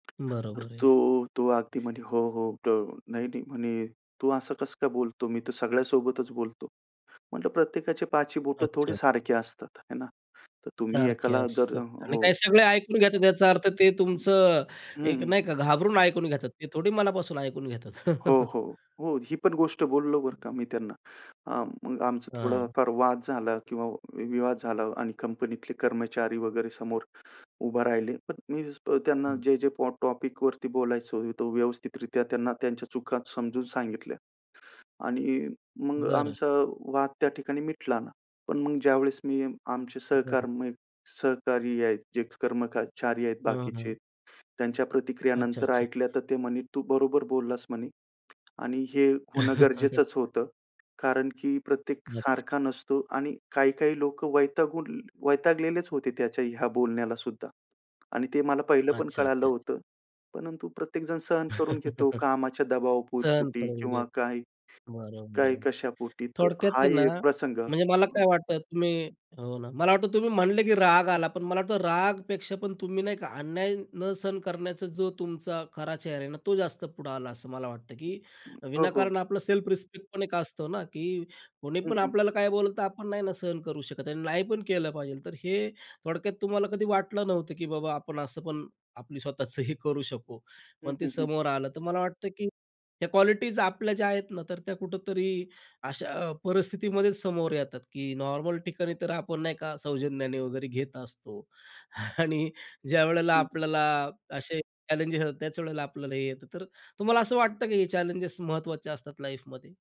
तर बरोबर आहे. तो, तो अगदी म्हणे, हो, हो त नाही-नाही, म्हणे, तू असं कसं काय बोलतो? मी तर सगळ्यासोबतच बोलतो. म्हटलं, प्रत्येकाची पाचही बोटं थोडे अच्छा. सारखे असतात, हे ना. तर तुम्ही सारखे एकाला जर असतात. आणि हो. काही सगळे ऐकून घेतात याचा अर्थ ते हं, तुमचं अ, एक हं. नाही का घाबरून ऐकून घेतात, ते थोडी मनापासून ऐकून घेतात. हो, हो. हो, ही पण गोष्ट बोललो बरं का मी त्यांना. अ, मग आमचा हां. थोडाफार वाद झाला किंवा विवाद झाला आणि कंपनीतले कर्मचारी वगैरे समोर उभे राहिले. पण मी त्यांना हं. जे-जे पॉ टॉपिकवरती बोलायचं, ते व्यवस्थितरीत्या त्यांना त्यांच्या चुका समजून सांगितल्या आणि मग बरं. आमचा वाद त्या ठिकाणी मिटला ना. पण मग ज्यावेळेस मी आमचे बरोबर. सहकार्मिक सहकारी आहेत, जे कर्मचारी आहेत हं, बाकीचे, हं. त्यांच्या प्रतिक्रिया अच्छा, नंतर अच्छा. ऐकल्या, तर ते म्हणे, तू बरोबर बोललास म्हणे आणि हे होणं गरजेचंच होतं कारण की प्रत्येक अच्छा. सारखा नसतो आणि काही-काही लोकं वैतागून वैतागलेलेच होते त्याच्या ह्या बोलण्यालासुद्धा आणि ते मला पहिलं पण अच्छा, कळालं अच्छा. होतं. परंतु प्रत्येक जण सहन करून घेतो कामाच्या सहन दबावापोटी करून घेत. किंवा काही. बरोबर काय आहे. कशा पोटी, तर थोडक्यात हा आहे ही ना, एक प्रसंग. म्हणजे मला काय वाटतं तुम्ही हो ना, मला वाटतं तुम्ही म्हटले की राग आला, पण मला वाटतं रागपेक्षा पण तुम्ही नाही का अन्याय न सहन करण्याचा जो तुमचा खरा चेहरा आहे ना, तो जास्त पुढं आला असं मला वाटतं, की हो, हो. विनाकारण आपलं सेल्फ रिस्पेक्ट पण एक असतं ना, की कोणी हं, पण हं. आपल्याला काही बोललं, तर आपण नाही ना सहन करू शकत आणि नाही पण केलं पाहिजेल. तर हे थोडक्यात तुम्हाला कधी वाटलं नव्हतं, की बाबा, आपण असं पण आपली स्वतःचंही करू शकू, हं, पण ते हं, हं. समोर आलं, तर मला वाटतं, की ह्या क्वालिटीज आपल्या ज्या आहेत ना, तर त्या कुठेतरी अशा परिस्थितीमध्येच समोर येतात, की नॉर्मल ठिकाणी तर आपण नाही का सौजन्याने वगैरे घेत असतो आणि ज्यावेळेला हं. आपल्याला असे चॅलेंजेस येतात, त्याच वेळेला आपल्याला हे येतं. तर तुम्हाला असं वाटतं, की हे चॅलेंजेस महत्त्वाचे असतात लाइफमध्ये?